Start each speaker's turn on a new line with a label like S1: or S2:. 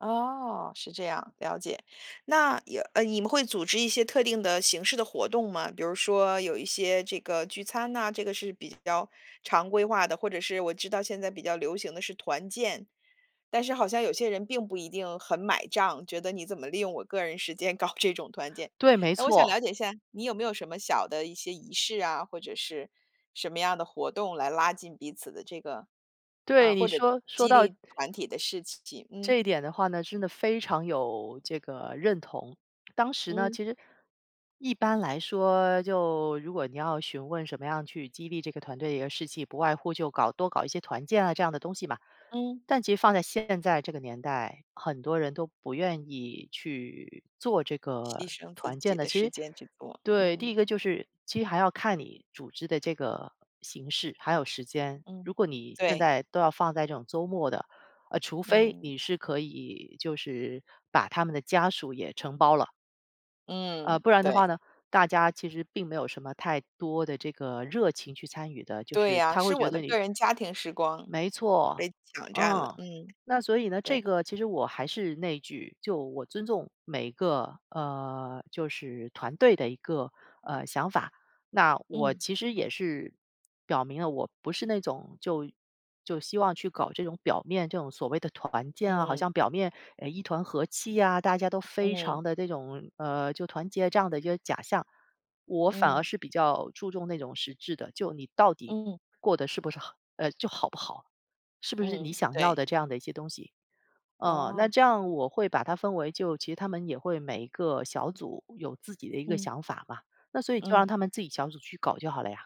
S1: 哦，是这样，了解。那呀，呃，你们会组织一些特定的形式的活动吗？比如说有一些这个聚餐呐，这个是比较常规化的或者是我知道现在比较流行的是团建，但是好像有些人并不一定很买账，觉得你怎么利用我个人时间搞这种团建。
S2: 对，没
S1: 那我想
S2: 错。
S1: 了解一下，你有没有什么小的一些仪式啊，或者是什么样的活动来拉近彼此的这个
S2: 对，
S1: 啊，
S2: 你
S1: 或者
S2: 说说
S1: 激
S2: 到
S1: 励团体的事情，
S2: 这
S1: 嗯。
S2: 一点的话呢，真的非常有这个认同。当时呢，
S1: 嗯。
S2: 其实一般来说就如果你要询问什么样去激励这个团队的士气，不外乎就搞多搞一些团建啊这样的东西吧。
S1: 嗯。
S2: 但其实放在现在这个年代，很多人都不愿意去做这个
S1: 牺牲自
S2: 团建
S1: 己
S2: 的。
S1: 的
S2: 其
S1: 时
S2: 实
S1: 间去做，
S2: 对，第
S1: 嗯。
S2: 一个就是其实还要看你组织的这个形式，还有时间。如
S1: 嗯，
S2: 果你现
S1: 对。
S2: 在都要放在这种周末的，呃，除非
S1: 嗯。
S2: 你是可以就是把他们的家属也承包了。呃，
S1: 嗯，
S2: 不然的话
S1: 对。
S2: 呢大家其实并没有什么太多的这个热情去参与的。就
S1: 对
S2: 是
S1: 呀，
S2: 他会
S1: 是
S2: 觉
S1: 我
S2: 得
S1: 的
S2: 你
S1: 个人家庭时光
S2: 没错，
S1: 被抢占了。
S2: 嗯。
S1: 嗯，
S2: 那所以呢这
S1: 对。
S2: 个其实我还是那一句就我尊重每一个，呃，就是团队的一个呃，想法。那我
S1: 嗯。
S2: 其实也是表明了我不是那种就就希望去搞这种表面这种所谓的团建啊，好
S1: 嗯。
S2: 像表面，呃，一团和气啊，大家都非
S1: 嗯。
S2: 常地这种呃，就团结这样的一个假象。我反而
S1: 嗯。
S2: 是比较注重那种实质的，就你到底
S1: 嗯。
S2: 过得是不是好呃，就好不好？是不是你
S1: 嗯，
S2: 想要
S1: 对。
S2: 的这样的一些东西哦，那
S1: 哦。
S2: 这样我会把它分为就其实他们也会每个小组有自己的一个
S1: 嗯。
S2: 想法嘛，那所以就让
S1: 嗯。
S2: 他们自己小组去搞就好了呀。